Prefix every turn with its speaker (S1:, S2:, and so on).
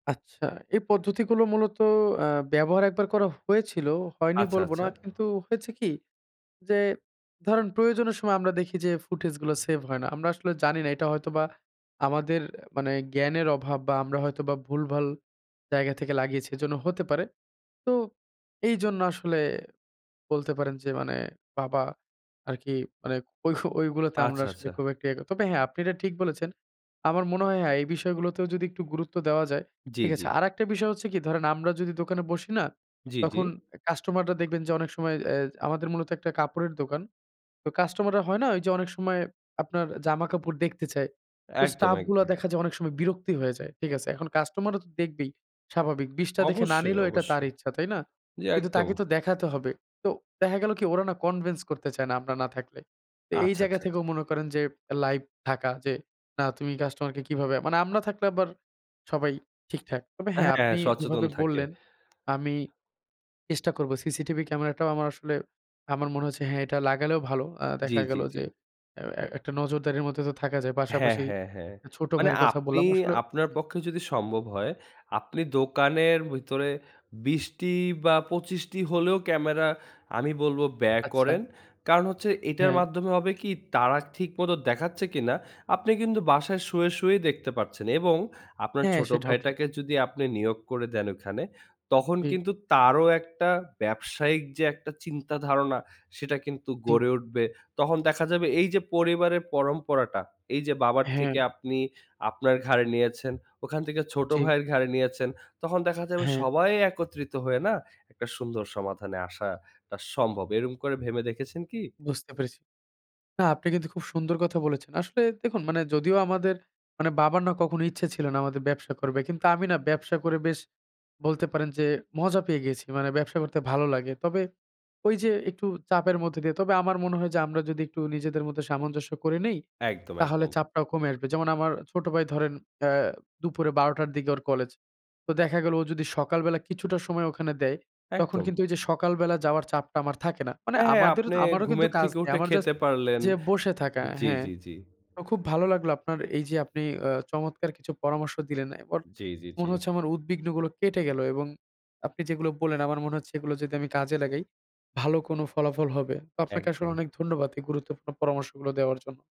S1: আচ্ছা, এই পদ্ধতিগুলো মূলত অ্যা ব্যবহার ১ বার করা হয়েছিল। হয়নি
S2: আচ্ছা,
S1: বলবো
S2: আচ্ছা।
S1: না। কিন্তু হয়েছে কি? যে ধরেন প্রয়োজনের সময় আমরা দেখি যে ফুটেজগুলো সেভ হয় না। আমরা আসলে জানি না এটা হয়তোবা আমাদের মানে জ্ঞানের অভাব বা, আমরা হয়তোবা ভুলভাল জায়গা থেকে লাগিয়েছি, এজন্য হতে পারে। তো এইজন্য আসলে বলতে পারেন যে মানে, বাবা আরকি মানে ওইহ ওইগুলোতে আমরা
S2: আচ্ছা,
S1: আসলে
S2: আচ্ছা।
S1: খুব একটা ইয়ে ক তবে, হ্যাঁ, আপনি এটা ঠিক বলেছেন। আমার মনে হয় হ্যাঁ, এই বিষয়গুলোতেও যদি একটু গুরুত্ব দেওয়া যায়,
S2: জি,
S1: ঠিক
S2: জি।
S1: আছে। আরেকটা বিষয় হচ্ছে কি ধরেন আমরা যদি দোকানে বসি না,
S2: জি, জি।
S1: তখন কাস্টমাররা দেখবেন যে অনেক সময় অ্যা আমাদের মূলত একটা কাপড়ের দোকান। তো কাস্টমাররা হয় না, ওইযে অনেক সময় আপনার জামাকাপড় দেখতে চায়। তো
S2: একদম,
S1: স্টাফগুলা
S2: একদম।
S1: দেখা যায় অনেক সময় বিরক্তি হয়ে যায়, ঠিক আছে। এখন কাস্টমাররা তো দেখবেই স্বাভাবিক। ২০ টা দেখে না
S2: অবশ্যই,
S1: নিলেও এটা তার
S2: অবশ্যই।
S1: ইচ্ছা, তাই না?
S2: জি,
S1: কিন্তু
S2: একদম।
S1: তাকে তো দেখাতে হবে। তো দেখা গেলো কি? ওরা না কনভিন্স করতে চায় না আমরা না থাকলে। তা এই
S2: আচ্ছা,
S1: জায়গা
S2: আচ্ছা, আচ্ছা।
S1: থেকেও মনে করেন যে লাইভ থাকা যে, না, তুমি কাস্টমার কে কিভাবে মানে আমরা থাকলে আবার সবাই ঠিকঠাক। তবে হ্যাঁ,
S2: হ্যাঁ,
S1: আপনি
S2: সচেতন
S1: যেভাবে
S2: থাকে।
S1: বললেন আমি চেষ্টা করবো। সিসিটিভি ক্যামেরাটাও আমার আসলে আমার মনে হচ্ছে, হ্যাঁ, এটা লাগালেও ভালো। আ
S2: জি,
S1: দেখা
S2: জি,
S1: গেল
S2: জি।
S1: যে অ্যা অ্যা একটা নজরদারির মধ্যে তো থাকা যায়।
S2: হ্যাঁ,
S1: পাশাপাশি
S2: হ্যাঁ, হ্যাঁ।
S1: এ ছোট
S2: মানে
S1: ভাইয়ের কথা
S2: আপনি
S1: বললাম আসলে
S2: আপনার
S1: হু।
S2: পক্ষে যদি সম্ভব হয়, আপনি দোকানের ভিতরে ২০ টি বা ২৫ টি হলেও ক্যামেরা আমি বলবো ব্যয় করেন।
S1: আচ্ছা।
S2: কারণ হচ্ছে এটার
S1: হ্যাঁ।
S2: মাধ্যমে হবে কি? তারা ঠিকমতো দেখাচ্ছে কিনা আপনি কিন্তু বাসায় শুয়ে, শুয়েই দেখতে পারছেন এবং আপনার
S1: হ্যাঁ,
S2: ছোট
S1: সেটাও ঠিক।
S2: ভাইটাকে যদি আপনে নিয়োগ করে দেন ওখানে, তখন
S1: জি।
S2: কিন্তু তারও একটা ব্যবসায়িক যে একটা চিন্তা ধারণা, সেটা কিন্তু
S1: জি।
S2: গড়ে উঠবে। তখন দেখা যাবে এইযে পরিবারের পরম্পরাটা, এই যে বাবার
S1: হ্যাঁ।
S2: থেকে আপনি আপনার ঘাড়ে নিয়েছেন, ওখান থেকে ছোট
S1: জি।
S2: ভাইয়ের ঘাড়ে নিয়েছেন, তখন দেখা যাবে
S1: হ্যাঁ।
S2: সবাই একত্রিত হয়ে না একটা সুন্দর সমাধানে আসাটা সম্ভব। এরকম করে ভেবে দেখেছেন কি?
S1: বুঝতে পেরেছি। না, আপনি কিন্তু খুব সুন্দর কথা বলেছেন। আসলে দেখুন মানে যদিও আমাদের মানে বাবার না কখনো ইচ্ছে ছিল না আমাদের ব্যবসা করবে। কিন্তু আমি না ব্যবসা করে বেশ বলতে পারেন যে মজা পেয়ে গিয়েছি। মানে ব্যবসা করতে ভালো লাগে। তবে ঐযে একটু চাপের মধ্যে দিয়ে তবে আমার মনে হয় যে আমরা যদি একটু নিজেদের মধ্যে সামঞ্জস্য করে নেই,
S2: একদম,
S1: তাহলে
S2: একদম।
S1: চাপটাও কমে আসবে। যেমন আমার ছোট ভাই ধরেন অ্যা দুপুরে ১২ টার দিকে ওর কলেজ। তো দেখা গেল ও যদি সকালবেলা কিছুটা সময় ওখানে দেয়, তখন
S2: একদম।
S1: কিন্তু ওইযে সকালবেলা যাওয়ার চাপটা আমার থাকে না। মানে
S2: হ্যাঁ, হ্যাঁ,
S1: আমাদেরও
S2: আপনে
S1: আমারও কিন্তু
S2: ঘুমের
S1: কাজ
S2: থেকে
S1: নেই।
S2: উঠে
S1: আমার জাস্ট
S2: খেতে পারলেন।
S1: যেয়ে বসে থাকা
S2: জি,
S1: হ্যাঁ,
S2: জি, জি।
S1: অ খুব ভালো লাগলো আপনার এইযে আপনি অ্যা চমৎকার কিছু পরামর্শ দিলেন। এখন
S2: জি, জি, জি।
S1: মনে হচ্ছে আমার উদ্বিগ্নগুলো কেটে গেল এবং আপনি যেগুলো বললেন, আমার মনে হচ্ছে এগুলো যদি আমি কাজে লাগাই, ভালো কোন ফলাফল হবে। তো আপনাকে আসলে
S2: একদম।
S1: অনেক ধন্যবাদ এই গুরুত্বপূর্ণ পরামর্শগুলো দেওয়ার জন্য।